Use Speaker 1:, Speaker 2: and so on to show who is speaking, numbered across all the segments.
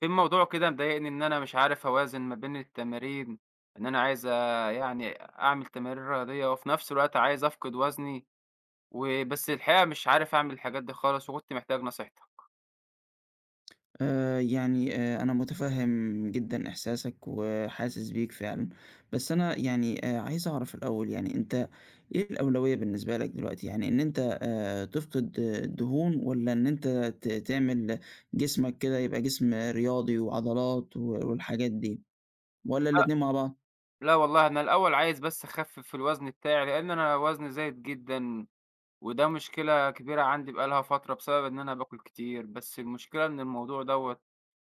Speaker 1: في موضوع كده مضايقني، إن أنا مش عارف أوازن ما بين التمارين، إن أنا عايز يعني أعمل تمارين رياضية، وفي نفس الوقت عايز أفقِد وزني، وبس الحقيقة مش عارف أعمل الحاجات دي خالص، وكنت محتاج نصيحتك.
Speaker 2: آآ يعني آآ أنا مُتفهم جدًا إحساسك وحاسِس بيك فعلًا، بس أنا يعني آآ عايز أعرف الأول يعني، أنت إيه الأولوية بالنسبة لك دلوقتي، يعني إن أنت آآ تفقد الدهون، والّا إن أنت ت تعمل جسمك كده يبقى جسم رياضي وعضلات و والحاجات دي، والّا
Speaker 1: لأ،
Speaker 2: الاتنين مع بعض؟
Speaker 1: لا والله أنا الأول عايز بس أخفِّف الوزن بتاعي، لإن أنا وزني زايد جدًا، وده مشكلة كبيرة عندي بقى لها فترة، بسبب إن أنا باكُل كتير، بس المشكلة إن الموضوع دوّة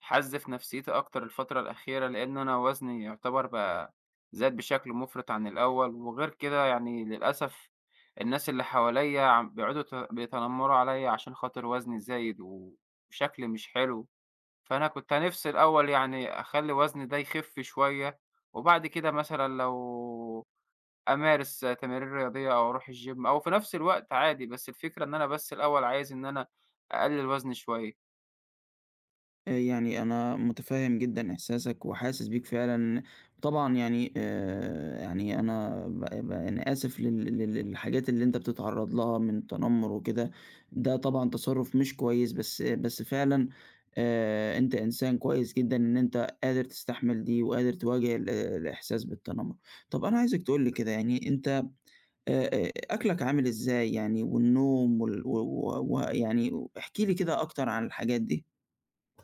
Speaker 1: حَزّ في نفسيّتي أكتر الفترة الأخيرة، لإن أنا وزني يعتبر بقى زاد بشكل مُفرِط عن الأول، وغير كده يعني للأسف الناس اللي حواليّا عم بيقعدوا يت بيتنمروا عليّا، عشان خاطر وزني زايد وشكلي مش حلو، فأنا كنت نفسي الأول يعني أخلّي وزني ده يخِف شوية، وبعد كده مثلًا لو أمارس تمارين رياضية، أو أروح الGym أو في نفس الوقت عادي، بس الفكرة إن أنا بس الأول عايز إن أنا أقلِّل وزني شوية.
Speaker 2: يعني أنا مُتفهم جدًا إحساسك وحاسس بيك فعلًا، طبعًا يعني آآ، يعني أنا ب ب أنا آسف لل لل للحاجات اللي أنت بتتعرّض لها من التنمر وكده، ده طبعًا تصرُّف مش كويس، بس بس فعلًا آآ أنت إنسان كويس جدًا إن أنت قادر تستحمل دي وقادر تواجه ال الإحساس بالتنمر، طب أنا عايزك تقول لي كده يعني أنت آآ، آآ أكلك عامل إزاي؟ يعني والنوم وال و و ويعني و احكِ لي كده أكتر عن الحاجات دي.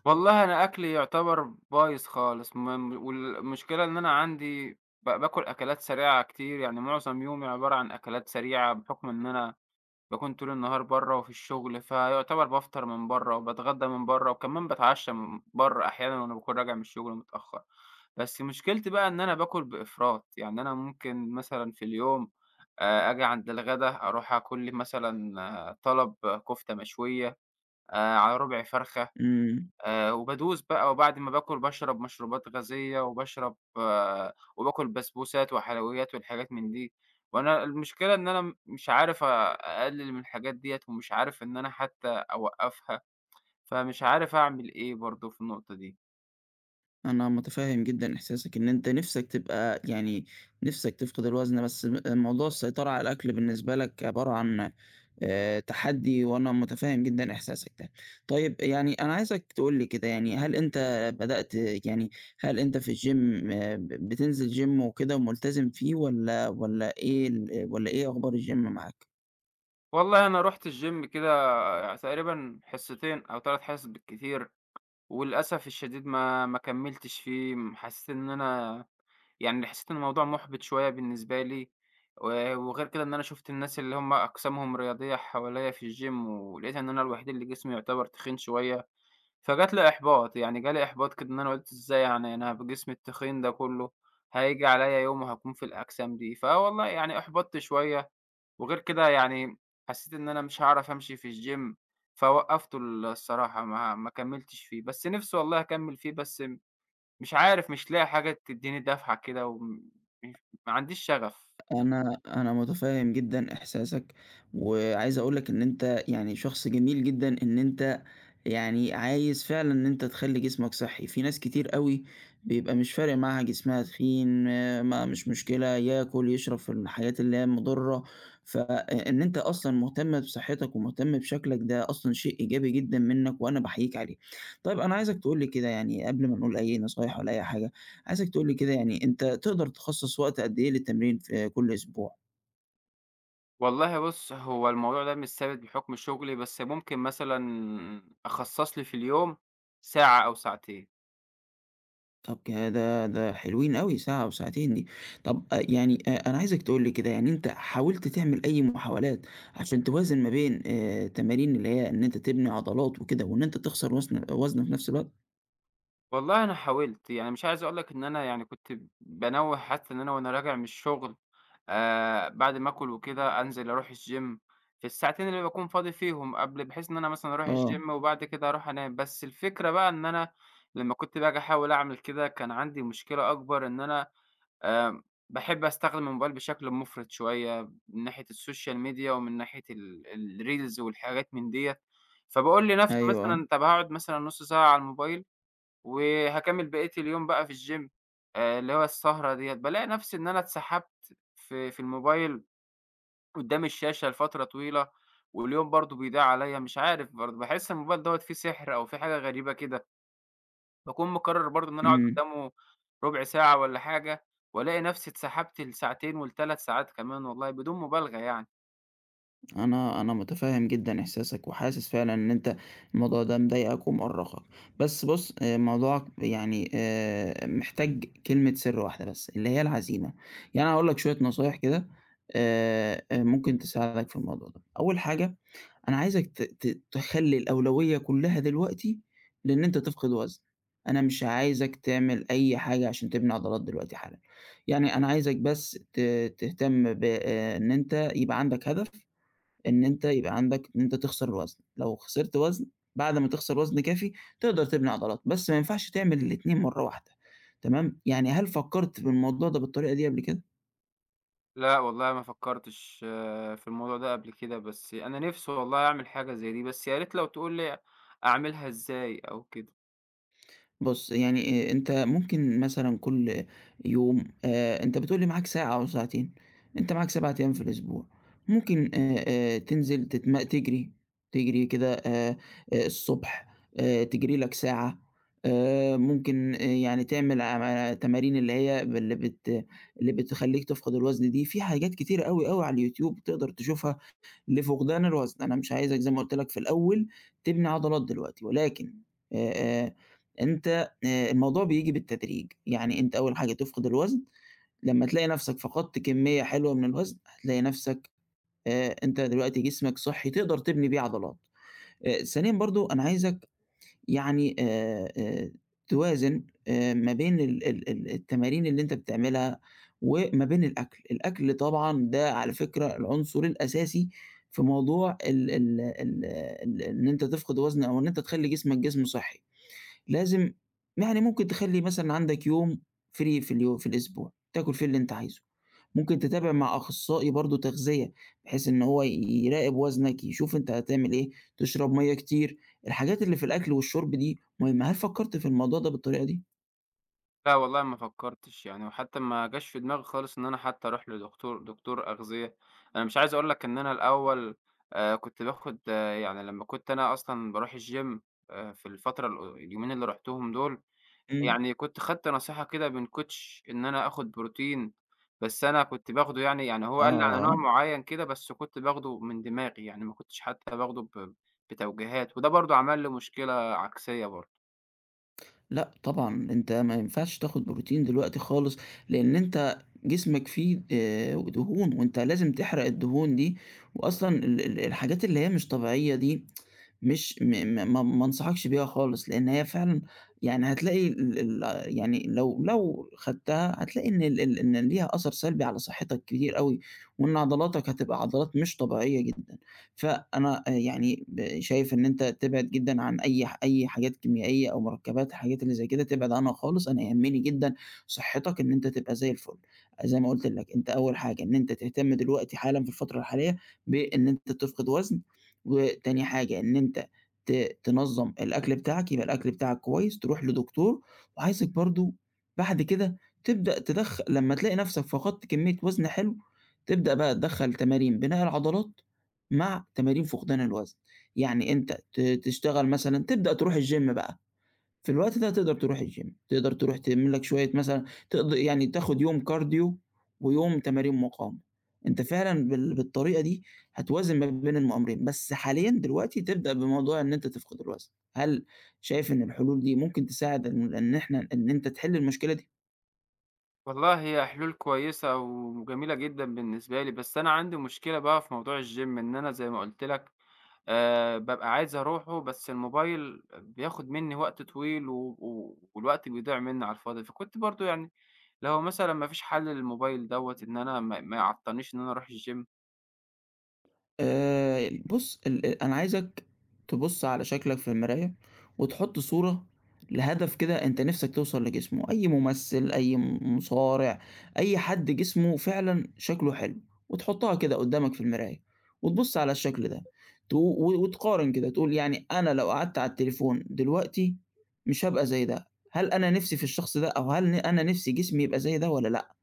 Speaker 1: والله أنا أكلي يعتبر بايظ خالص، م م والمشكلة إن أنا عندي ب باكل أكلات سريعة كتير، يعني معظم يومي عبارة عن أكلات سريعة بحكم إن أنا باكون طول النهار برّه وفي الشغل، فيعتبر بافطر من برّه وباتغدى من برّه وكمان باتعشى من برّه أحيانًا وأنا باكون راجع من الشغل متأخّر، بس مشكلتي بقى إن أنا باكل بإفراط، يعني أنا ممكن مثلًا في اليوم آآ، آجي عند الغدا أروح آكل لي مثلًا طلب كفتة مشوية، آآ على ربع فرخة،
Speaker 2: إمم.
Speaker 1: آآ وبادوس بقى وبعد ما باكل باشرب مشروبات غازية وباشرب وباكل بسبوسات وحلويات والحاجات من دي، وأنا المشكلة إن أنا م مش عارف آآ أقلّل من الحاجات ديّة ومش عارف إن أنا حتّى أوقّفها، فمش عارف أعمل إيه برضه في النقطة دي.
Speaker 2: أنا مُتفهم جدًا إحساسك إن أنت نِفسك تبقى يعني نِفسك تفقد الوزن بس م موضوع السيطرة على الأكل بالنسبة لك عبارة عن آآ تحدّي، وأنا مُتفهم جدًا إحساسك ده. طيّب آآ، يعني أنا عايزك تقول لي كده يعني هل أنت بدأت يعني هل أنت في الgym ب بتنزل gym وكده وملتزم فيه والّا والّا إيه ال آآ، والّا إيه أخبار الgym معاك؟
Speaker 1: والله أنا رُحت الgym كده تقريبًا حصتين أو 3 حصص بالكتير وللأسف الشديد ما ما كملتش فيه، م حسّيت إن أنا يعني حسّيت إن الموضوع مُحبط شويّة بالنسبة لي و وغير كده إن أنا شُفت الناس اللي هُم أجسامهم رياضية حواليّا في الgym ولقيت إن أنا الوحيد اللي جسمي يُعتبَر تخين شويّة، فجات لي إحباط، يعني جالي إحباط كده إن أنا قُلت إزاي يعني أنا بجسمي التخين ده كلّه هييجي على يوم وهاكون في الأجسام دي، فوالله يعني أُحبطت شويّة وغير كده يعني حسّيت إن أنا مش هاعرف أمشي في الgym فوقفته ال الصراحة ما ما كملتش فيه، بس نفْسي والله أكمل فيه بس مش عارف مش لاقي حاجة تدّيني دفعة كده و م ما عنديش شغف.
Speaker 2: أنا أنا مُتفهم جدًا إحساسك وعايز أقول لك إن أنت يعني شخص جميل جدًا إن أنت يعني عايز فعلًا إن أنت تخلّي جسمك صحّي، في ناس كتير أوي بيبقى مش فارق معاها جسمها تخين ما مش مشكلة، ياكل، يشرب في المحلات اللي هي المضرة، فإ إن أنت أصلًا مهتم بصحتك ومهتم بشكلك ده أصلًا شيء إيجابي جدًا منّك وأنا باحييك عليه. طيّب أنا عايزك تقول لي كده يعني قبل ما نقول أي نصايح ولا أي حاجة، عايزك تقول لي كده يعني أنت تقدر تخصص وقت قد إيه للتمرين في كل أسبوع؟
Speaker 1: والله بُصّ، هو الموضوع ده مش ثابت بحُكم شُغلي، بس ممكن مثلًا أخصَّص لي في اليوم ساعة أو ساعتين.
Speaker 2: طب كده ده حلوين أوي ساعة وساعتين دي، طَب أ يعني أ أنا عايزك تقُل لي كده، يعني أنت حاولت تعمل أي محاولات عشان توازِن ما بين آآ تمارين اللي هي إن أنت تِبني عضلات وكده وإن أنت تخسَر وسن أ وزن في نفْس الوقت؟
Speaker 1: والله أنا حاولت، يعني مش عايز اقول لك إن أنا يعني كنت بانوّه حتى إن أنا وأنا راجع من الشغل آآ، بَعد ما آكُل وكده، أنزِل أرُوح الgym في الساعتين اللي باكُون فاضي فيهم قبْل بحيث إن أنا مثلًا أرُوح
Speaker 2: آه.
Speaker 1: الgym وبعد كده أرُوح أنام، بس الفكرة بقى إن أنا لما كنت باجي أحاول أعمِل كده، كان عندي مشكلة أكبر إن أنا آمم باحب أستخدم الموبايل بشكْل مُفرِط شوية من ناحية السوشيال ميديا ومن ناحية ال الreels والحاجات من دِيّة، فباقول لنَفسي
Speaker 2: أيوه، آه.
Speaker 1: مثلًا، طَب هاقعُد مثلًا نُص ساعة على الموبايل وهاكمّل بقية اليوم بقى في الgym آآ اللي هو السهرة دِيّة بالاقي نَفسي إن أنا اتسحَبت في في الموبايل قُدّام الشاشة لفترة طويلة واليوم برضه بيضيع عليَّ، مش عارف برضه، باحس الموبايل دَوّة فيه سِحر أو فيه حاجة غريبة كده. باكون مقرّر برضه إن أنا أقعُد
Speaker 2: إمم.
Speaker 1: قُدّامة رُبع ساعة والّا حاجة وألاقي نَفسي اتسحَبت لساعتين ول3 ساعات كمان والله بدون مبالغة يعني.
Speaker 2: أنا أنا متفهّم جدًا إحساسك وحاسس فعلًا إن أنت الموضوع ده مضايقك ومُؤرقك، بس بُصّ، موضوعك يعني آآ، محتاج كلمة سِرّ واحدة بس اللي هي العَزيمة. يعني أنا هاقول لك شوية نصايح كده آآ، أ ممكن تساعدك في الموضوع ده، أول حاجة أنا عايزك ت ت تخلّي الأولوية كُلّها دلوقتي لإن أنت تفقد وزن، أنا مش عايزك تعمل أي حاجة عشان تبني عضلات دلوقتي حالًا، يعني أنا عايزك بس ت تهتم ب إن أنت يبقى عندك هدف إن أنت يبقى عندك إن أنت تخسر وزن، لو خسرت وزن بعد ما تخسر وزن كافي، تقدر تبني عضلات، بس ما ينفعش تعمل الاتنين مرّه واحدة، تمام، يعني هل فكّرت في الموضوع ده بالطريقة دي قبل كده؟
Speaker 1: لأ والله ما فكّرتش في الموضوع ده قبل كده بس أنا نفسي والله أعمل حاجة زي دي، بس يا ريت لو تقول لي أعملها إزاي أو كده؟
Speaker 2: بُصّ، يعني آآ، أنت ممكن مثلًا كل يوم آآ، أنت بتقول لي معاك ساعة أو ساعتين، أنت معاك 7 أيام في الأسبوع، ممكن آآ، آآ، تنزِل تتم تجري، تجري كده آآ، الصبح آآ، تجري لك ساعة، آآ، ممكن يعني تعمل عا تمارين اللي هي باللي بت اللي بتخليك تفقد الوزن دي، في حاجات كتيرة أوي، أوي على اليوتيوب تقدر تشوفها لفقدان الوزن، أنا مش عايزك زي ما قلت لك في الأول تبني عضلات دلوقتي، ولكن آآ، أنت آآ، الموضوع بييجي بالتدريج، يعني أنت أول حاجة تفقد الوزن، لمّا تلاقي نَفسَك فقدت كمية حلوة من الوزن، هتلاقي نَفسَك آآ، أنت دلوقتي جسمَك صحّي، تقدر تبني بيه عضلات. آآ، ثانيًا برضه أنا عايزك يعني آآ، آآ، توازن آآ، ما بين ال ال ال التمارين اللي أنت بتعملها وما بين الأكل، الأكل طبعًا ده على فكرة العنصر الأساسي في موضوع ال ال ال ال إن أنت تفقد وزن أو إن أنت تخلّي جسمَك جسم صحّي، لازم يعني ممكن تخلي مثلًا عندك يوم free في اليو في الأسبوع، تاكل فيه اللي أنت عايزُه، ممكن تتابع مع أخصائي برضه تغذية، بحيث إن هو ي يراقب وزنك يشوف أنت هتعمل إيه، تشرب مَيَّة كتير، الحاجات اللي في الأكل والشُرب دي مهمة، هل فكّرت في الموضوع ده بالطريقة دي؟
Speaker 1: لا والله ما فكّرتِش يعني وحتّى ما جاش في دماغي خالص إن أنا حتّى أروح لدكتو دكتور أغذية، أنا مش عايز أقول لَك إن أنا الأوّل، آآ كنت باخد يعني لمّا كنت أنا أصلًا باروح الGym آآ في الفترة ال اليومين اللي رُحتُهم دول
Speaker 2: إمم.
Speaker 1: يعني كنت خدت نصيحة كده من Coach إن أنا آخد بروتين، بس أنا كنت باخده يعني يعني هو قال لي على نوع
Speaker 2: آه.
Speaker 1: معيّن كده، بس كنت باخده من دماغي، يعني ما كنتش حتّى باخده ب بتوجيهات وده برضه عمل لي مشكلة عكسية برضه.
Speaker 2: لأ طبعًا أنت ما ينفعش تاخد بروتين دلوقتي خالص، لأن أنت جسمك فيه، آآ دهون وأنت لازم تحرق الدهون دي وأصلًا ال ال الحاجات اللي هي مش طبيعيّة دي مش م م ما ما أنصحكش بيها خالص لأن هي فعلًا يعني هتلاقي ال ال يعني لو لو خدتها هتلاقي إن ال ال إن ليها أثّر سلبي على صحتك كتير أوي وإن عضلاتك هتبقى عضلات مش طبيعيّة جدًا، فأنا آآ، يعني شايف إن أنت تِبعد جدًا عن أي ح أي حاجات كيميائية أو مركبات حاجات اللي زي كده تبعد عنها خالص أنا يهمني جدًا صحتك إن أنت تبقى زي الفل، زي ما قُلت لَك أنت أوّل حاجة إن أنت تهتم دلوقتي حالًا في الفترة الحالية بإن أنت تفقد وزن وتاني حاجة إن أنت ت تنظم الأكل بتاعك، يبقى الأكل بتاعك كويّس، تروح لدكتور وعايزك برضه بعد كده تبدأ تدخ لمّا تلاقي نفْسك فقدت كميّة وزن حلو، تبدأ بقى تِدَخَّل تمارين بناء العضلات، مع تمارين فقدان الوزن. يعني أنت ت تشتغل مثلًا تبدأ تروح الGym بقى في الوقت ده تقدر تروح الGym، تقدر تروح تِعمِل لَك شويّة مثلًا ت يعني تاخد يوم كارديو ويوم تمارين مقاومة، أنت فعلًا بال بالطريقة دي هتوازن ما بين الم أمرين، بس حاليًا دلوقتي تبدأ بموضوع إن أنت تفقد الوزن. هل شايف إن الحلول دي ممكن تساعد إن إن إحنا إن أنت تحل المشكلة دي؟
Speaker 1: والله هي حلول كويسة وجميلة جدًا بالنسبة لي، بس أنا عندي مشكلة بقى في موضوع الgym إن أنا زي ما قُلت لك، آآ بابقى عايز أروحُه بس الموبايل بياخد مني وقت طويل و و والوقت بيضيع مني على الفاضي، فكنت برضه يعني لو مثلًا ما فيش حَلّ للموبايل دوَّة إن أنا ما ما يعطلنيش إن أنا أرُوح الgym؟
Speaker 2: آآ، بُصّ، ال أ أنا عايزك تبُص، على شكلك في المراية وتحط صورة لهدف كده أنت نِفسَك توصل لجسمُه أي مُمثل، أي م مُصارع، أي حد جسمُه فعلًا شكله حلو، وتحُطّها كده قُدّامك في المراية وتبُصّ على الشكل ده تو و وتقارن كده، تقول يعني أنا لو قعدت على التليفون دلوقتي مش هابقى زي ده، هل أنا نِفسي في الشخص ده، أو هل ن أنا نِفسي جسمي يبقى زي ده والَّا لأ؟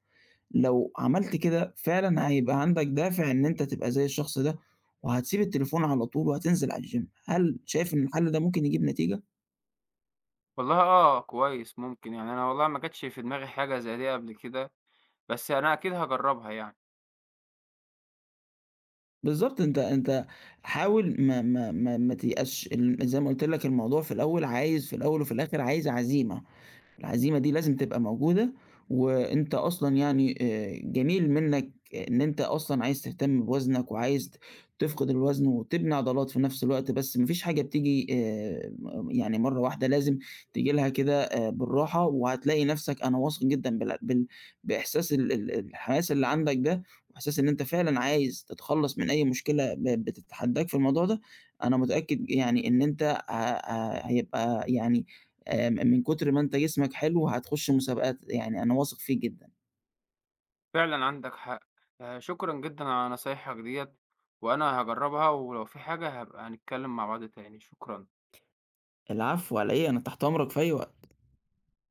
Speaker 2: لو عَمَلت كده، فعلًا هيبقى عندك دافع إن أنت تبقى زي الشخص ده، وهتسيب التليفون على طول وهتنزل على الgym هل شايف إن الحَلّ ده ممكن يجيب نتيجة؟
Speaker 1: والله آه، كويس، ممكن يعني أنا والله ما جتش في دماغي حاجة زي دي قبل كده، بس أنا أكيد هاجرّبها يعني.
Speaker 2: بالضبط، أنت أنت حاول ما ما ما ما تيأسش أن زي ما قُلت لك الموضوع في الأول عايز في الأول وفي الآخر عايز عزيمة، العزيمة دي لازم تبقى موجودة وأنت أصلًا يعني آآ، جميل منّك إن أنت أصلًا عايز تهتم بوزنك وعايز ت تفقد الوزن وتبني عضلات في نفس الوقت، بس ما فيش حاجة بتيجي آآ، م يعني مرّة واحدة لازم تيجي لها كده آآ، بالراحة، وهتلاقي نفسك أنا واثق جدًا بالع بال بإحساس ال ال الحماس اللي عندك ده وبإحساس إن أنت فعلًا عايز تتخلّص من أي مشكلة ب بتتحدّاك في الموضوع ده، أنا متأكد يعني إن أنت ه ه هيبقى يعني آآ، م من كُتر ما أنت جسمك حلو هتخُشّ مسابقات، يعني أنا واثق فيك جدًا.
Speaker 1: فعلًا عندك حق. آآ، شكرًا جدًا على نصايحك ديَّة وأنا هاجرّبها ولو في حاجة هابقى نتكلّم مع بعض تاني، شكرًا.
Speaker 2: العفو على إيه، أنا تحت أمرك في أي وقت.